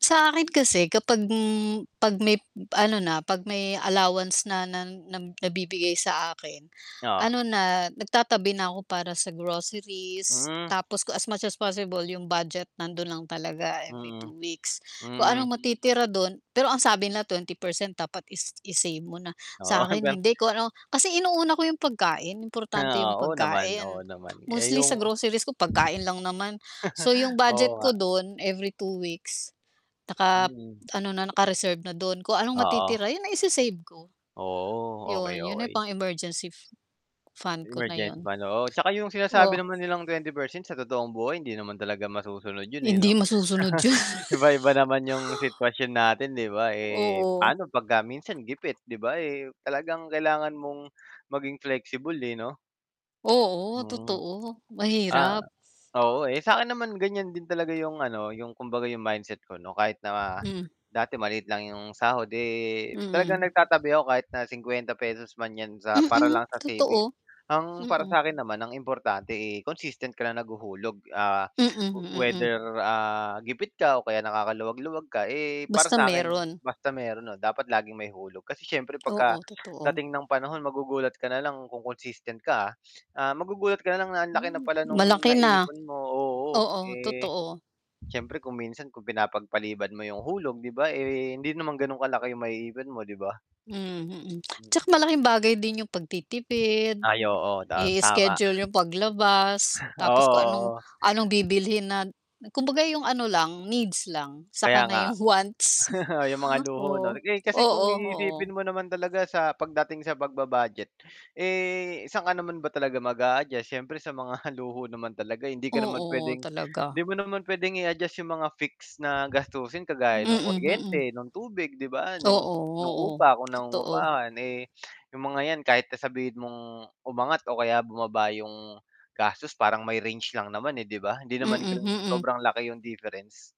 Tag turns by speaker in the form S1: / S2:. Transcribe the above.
S1: Sa akin kasi kapag, hmm, 'pag may ano na, 'pag may allowance na na nam nabibigay sa akin,
S2: Oo.
S1: ano na, nagtatabi na ako para sa groceries.
S2: Hmm.
S1: Tapos ku as much as possible 'yong budget nando'n lang talaga every
S2: Mm.
S1: 2 weeks. Kung
S2: Hmm.
S1: anong matitira do'n pero ang sabi na 20% dapat is i-save mo na.
S2: Oo,
S1: Sa'kin
S2: hanggang
S1: hindi. Kung ano kasi inuuna ko 'yong pagkain, importante
S2: Ah,
S1: 'yong
S2: oo, oo naman. Oo
S1: pagkain.
S2: naman. Eh,
S1: Mostly sa
S2: 'yong
S1: groceries ko pagkain lang naman. So, 'yong
S2: oo
S1: budget
S2: nga.
S1: ko do'n, every 2 weeks nakap
S2: Mm.
S1: ano na, naka-reserve na do'n. Kung anong
S2: Oo.
S1: matitira 'yon na ise-save ko.
S2: Oo,
S1: 'Yon.
S2: okey,
S1: 'Yon ay
S2: okey.
S1: pang emergency f fund ko na
S2: Emergency
S1: 'yon.
S2: pa, 'no. Oo, 'tsaka 'yong
S1: Oh.
S2: sinasabi naman nilang 20% sa totoong buhay hindi naman talaga masusunod 'yon, eh,
S1: Hindi
S2: 'no.
S1: masusunod, 'yon.
S2: Iba-iba naman 'yong sitwasyon natin, 'di ba? Eh,
S1: Oo.
S2: paano 'pag ka minsan gipit, 'di ba? Eh, talagang kailangan mong maging flexible, eh, 'no?
S1: Oo,
S2: Mm.
S1: totoo.
S2: Ah,
S1: Mahirap.
S2: oo, eh, sa akin naman ganyan din talaga 'yong ano, 'yong kumbaga 'yong mindset ko 'no, kahit na
S1: Hmm.
S2: dati maliit lang 'yong sahod. Eh, talagang
S1: Mm.
S2: nagtatabi ako kahit na ₱50 man 'yan sa para
S1: Mm,
S2: lang sa savings.
S1: totoo.
S2: Ang para
S1: Mm.
S2: sa 'kin naman ang importante, eh, consistent ka lang naghuhulog. Ah,
S1: Mm, mm.
S2: whether, ah, gipit ka o kaya nakakaluwag-luwag ka, eh, para
S1: Basta
S2: sa'kin
S1: mayro'n.
S2: basta mayro'n na dapat laging may hulog. Kasi siyempre
S1: Oo, totoo.
S2: pagkadating ng panahon magugulat ka na lang kung consistent ka, ah. Ah, magugulat ka na lang na ang laki na
S1: Mm.
S2: pala no'ng
S1: Malaki na.
S2: naiipon mo oo,
S1: Oo,
S2: eh,
S1: totoo.
S2: siyempre kung minsan kung pinapagpaliban mo 'yong hulog, 'di ba? Eh, hindi naman gano'n kalaki 'yong maiipon mo, 'di ba?
S1: Hmm, mm. Tsaka
S2: Mm.
S1: malaking bagay din 'yong pagtitipid,
S2: Ay, oo, ta tama.
S1: i-schedule 'yong paglabas. Tapos kung anong
S2: Oo, oo.
S1: anong bibilhin na na kumbaga 'yong ano lang, needs lang.
S2: Kaya
S1: Saka na
S2: nga.
S1: 'yong wants.
S2: 'Yong mga luho,
S1: Oo,
S2: 'no? Eh, kasi kung
S1: oo, oo.
S2: iisipin mo naman talaga sa pagdating sa pagba-budget, eh, saan ka naman ba talaga mag-a-adjust? Siyempre sa mga luho naman talaga hindi ka naman
S1: Oo,
S2: puwedeng
S1: talaga.
S2: hindi mo naman puwedeng i-adjust 'yong mga fix na gastusin kagaya ng
S1: Mm, hmm.
S2: kuryente, ng tubig, 'di ba, no'ng
S1: Oo,
S2: no'ng
S1: oo.
S2: upa kung
S1: Totoo.
S2: nangungupahan. Eh, 'yong mga 'yan kahit na sabihin mong umangat o kaya bumaba 'yong gastos parang may range lang naman, eh, 'di ba? Hindi naman
S1: Mm,
S2: gano'ng
S1: mm.
S2: sobrang laki 'yong difference.